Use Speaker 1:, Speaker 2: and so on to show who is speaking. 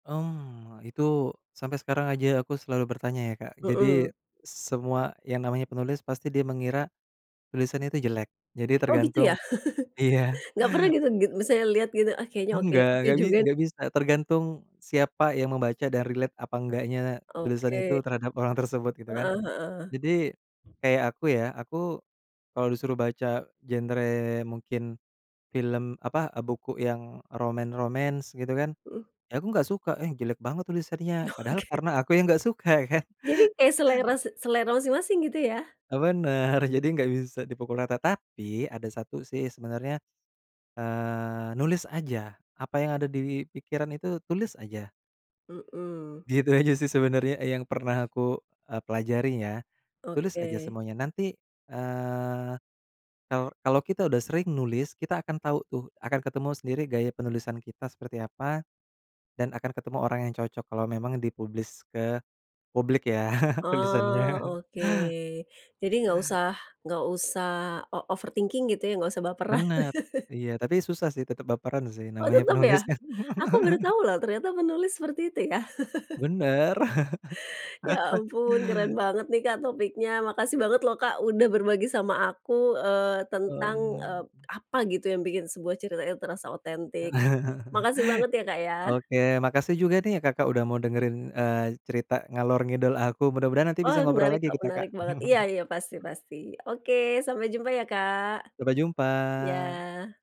Speaker 1: Mmm. Itu sampai sekarang aja aku selalu bertanya, ya, Kak. Jadi,
Speaker 2: Mhm.
Speaker 1: semua yang namanya penulis pasti dia mengira tulisannya itu jelek. Jadi,
Speaker 2: Oh, gitu,
Speaker 1: tergantung
Speaker 2: ya?
Speaker 1: iya.
Speaker 2: Enggak pernah gitu, git maksudnya lihat gitu, "Ah, kayaknya oke oke
Speaker 1: Enggak, enggak bi
Speaker 2: juga, nih."
Speaker 1: enggak bisa. Tergantung siapa yang membaca dan relate apa enggaknya tulisan
Speaker 2: Oke.
Speaker 1: itu terhadap orang tersebut, gitu, kan.
Speaker 2: Heeh heeh.
Speaker 1: Jadi, kayak aku, ya. Aku kalau disuruh baca genre, mungkin film, apa, e buku yang romance-romance, gitu, kan,
Speaker 2: Mhm.
Speaker 1: ya, aku enggak suka, "Eh, jelek banget tulisannya," padahal
Speaker 2: Oke.
Speaker 1: karena aku yang enggak suka, kan.
Speaker 2: Jadi, kayak selera se selera masing-masing, gitu, ya?
Speaker 1: E benar, jadi enggak bisa dipukul rata. Tapi, ada satu, sih, sebenarnya, eee, nulis aja apa yang ada di pikiran, itu, tulis aja.
Speaker 2: Mhm.
Speaker 1: Gitu aja, sih, sebenarnya yang pernah aku e pelajari, ya. Tulis aja
Speaker 2: Oke.
Speaker 1: semuanya. Nanti, eee, kalau kalau kita udah sering nulis, kita akan tahu, tuh, akan ketemu sendiri gaya penulisan kita seperti apa, dan akan ketemu orang yang cocok kalau memang di-publish ke publik, ya, tulisannya.
Speaker 2: Oh, oke. Jadi, enggak usah enggak usah o overthinking, gitu, ya. Enggak usah baperan.
Speaker 1: Benar, iya, tapi susah, sih, tetap baperan, sih.
Speaker 2: Oh,
Speaker 1: Namanya
Speaker 2: tetep,
Speaker 1: penulis,
Speaker 2: ya.
Speaker 1: kan.
Speaker 2: Aku baru tahu, loh, ternyata penulis seperti itu, ya?
Speaker 1: Benar.
Speaker 2: Ya, ampun, keren banget, nih, Kak, topiknya. Makasih banget, loh, Kak, udah berbagi sama aku, eee, tentang e
Speaker 1: Hmm.
Speaker 2: apa, gitu, yang bikin sebuah cerita itu terasa otentik. Makasih banget, ya, Kak, ya.
Speaker 1: Oke. Makasih juga, nih, ya, Kakak, udah mau dengerin, eee, cerita ngalor-ngidul aku. Mudah-mudahan nanti
Speaker 2: Oh,
Speaker 1: bisa ngobrol
Speaker 2: menarik,
Speaker 1: lagi
Speaker 2: kok,
Speaker 1: kita, Kak.
Speaker 2: menarik banget. Iya iya, pasti pasti. Oke, sampai jumpa, ya, Kak.
Speaker 1: Sampai jumpa.
Speaker 2: Iya.